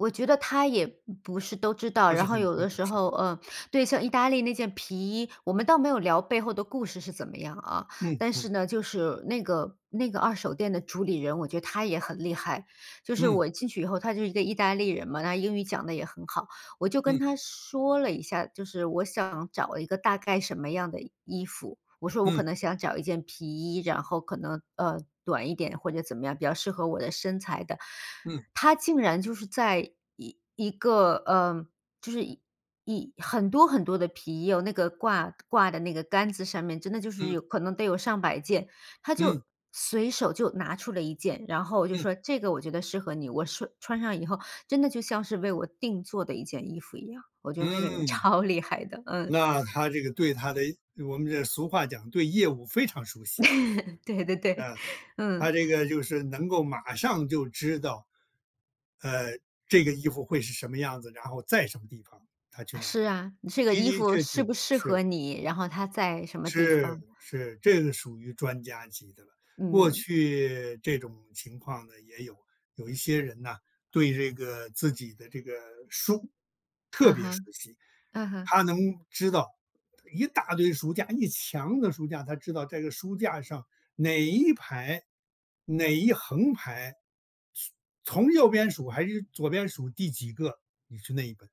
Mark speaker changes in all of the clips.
Speaker 1: 我觉得他也不不是都知道，
Speaker 2: 不是
Speaker 1: 然
Speaker 2: 很
Speaker 1: 后有
Speaker 2: 清
Speaker 1: 的
Speaker 2: 楚
Speaker 1: 时
Speaker 2: 似
Speaker 1: 候，
Speaker 2: 的。
Speaker 1: 呃对，像意大利那件皮衣，我们倒没有聊背后的故事是怎么样啊，
Speaker 2: 嗯
Speaker 1: 但
Speaker 2: 嗯。
Speaker 1: 是呢，就是那个那个二手店的主理人，我觉得他也很厉害。就是
Speaker 2: 嗯。
Speaker 1: 我进去以后他就是一个意大利人嘛，那英语讲得也很好。我就跟
Speaker 2: 嗯。
Speaker 1: 他说了一下，就是我想找一个大概什么样的衣衣服。我说我
Speaker 2: 嗯。
Speaker 1: 可能想找一件皮衣，然后可能，呃，短一点或者怎么样比较适合我的身材的。
Speaker 2: 嗯。
Speaker 1: 他竟然就是在一一个呃，就是一一很多很多的皮衣，有那个挂-挂的那个杆子上面，真的就是
Speaker 2: 嗯。
Speaker 1: 有可能得有上百件。他
Speaker 2: 嗯
Speaker 1: 就随手就拿出了一件，然后就
Speaker 2: 嗯
Speaker 1: 说：“这个我觉得适合你”，我说穿上以后真的就像是为我订做的一件衣服一样，我觉得那个人
Speaker 2: 嗯。
Speaker 1: 超厉害的，嗯。
Speaker 2: 那他这个对他的我们这俗话讲对业务非常熟悉。
Speaker 1: 对对对，
Speaker 2: 嗯，他
Speaker 1: 嗯。
Speaker 2: 这个就是能够马上就知道，呃，这个衣服会是什么样子，然后在什么地方，他去
Speaker 1: 啊，
Speaker 2: 拿，的
Speaker 1: 是啊，嗯，这个衣
Speaker 2: 的
Speaker 1: 服
Speaker 2: 确
Speaker 1: 适
Speaker 2: 确，
Speaker 1: 不适
Speaker 2: 是。
Speaker 1: 合你，然后它在什么地
Speaker 2: 是
Speaker 1: 方。
Speaker 2: 是，这个属于专家级的了，过
Speaker 1: 嗯。
Speaker 2: 去这种情况呢，也有。有一些人呢，对这个自己的这个书特
Speaker 1: 嗯
Speaker 2: 别熟
Speaker 1: 哼，
Speaker 2: 悉，
Speaker 1: 嗯哼。
Speaker 2: 他能知道一大堆书架、一墙的书架，他知道这个书架上哪一排、哪一横排。从右边数还是左边数第几个，你是那一本。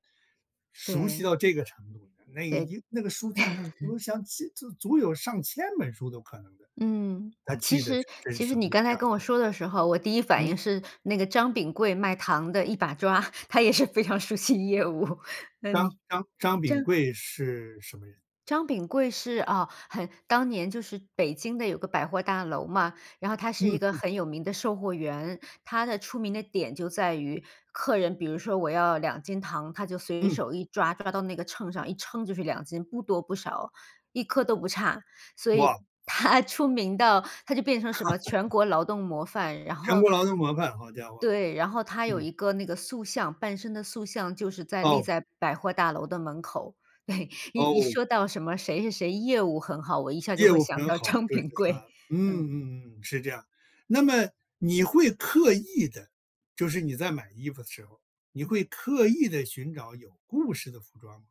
Speaker 2: 熟悉
Speaker 1: 对。
Speaker 2: 到这个程度，那
Speaker 1: 对。
Speaker 2: 一那个书架上，我 想千足足有上千本书都可能的。
Speaker 1: 嗯，
Speaker 2: 他
Speaker 1: 其
Speaker 2: 记得
Speaker 1: 实
Speaker 2: 是真
Speaker 1: 其实
Speaker 2: 熟，
Speaker 1: 你
Speaker 2: 有
Speaker 1: 刚
Speaker 2: 这
Speaker 1: 才
Speaker 2: 样的
Speaker 1: 跟我
Speaker 2: 情况。
Speaker 1: 说的时候，我第一反
Speaker 2: 嗯。
Speaker 1: 应是那个张秉贵卖糖的一把抓，他也是非常熟悉业务，那
Speaker 2: 张
Speaker 1: 你，
Speaker 2: 张张秉
Speaker 1: 张
Speaker 2: 贵是什么人？
Speaker 1: 张秉贵是啊，很当年就是北京的有个百货大楼嘛，然后他
Speaker 2: 嗯
Speaker 1: 是一个
Speaker 2: 嗯。
Speaker 1: 很有名的售货员。他的出名的点就在于，客人比如说我要2斤糖，他就随
Speaker 2: 嗯。
Speaker 1: 手一抓，抓到那个秤上，一称就是2斤，不多不少，一颗都不差。所以
Speaker 2: 哇。
Speaker 1: 他出名到，他就变成什么全 国劳动模范，然
Speaker 2: 全
Speaker 1: 后
Speaker 2: 国劳动模范，好家伙，
Speaker 1: 对，然后他有
Speaker 2: 嗯。
Speaker 1: 一个那个塑像，半身的塑像就是在立
Speaker 2: 哦。
Speaker 1: 在百货大楼的门口，一一
Speaker 2: 哦。
Speaker 1: 说到什么谁谁谁业务很好，我一下儿就
Speaker 2: 业
Speaker 1: 会
Speaker 2: 务
Speaker 1: 想
Speaker 2: 很
Speaker 1: 到
Speaker 2: 好，
Speaker 1: 张
Speaker 2: 就是
Speaker 1: 秉
Speaker 2: 他，
Speaker 1: 贵，
Speaker 2: 嗯
Speaker 1: 嗯。
Speaker 2: 嗯嗯，是这样。那么你会刻意地就是你在买衣服的时候，你会刻意地寻找有故事的服装吗？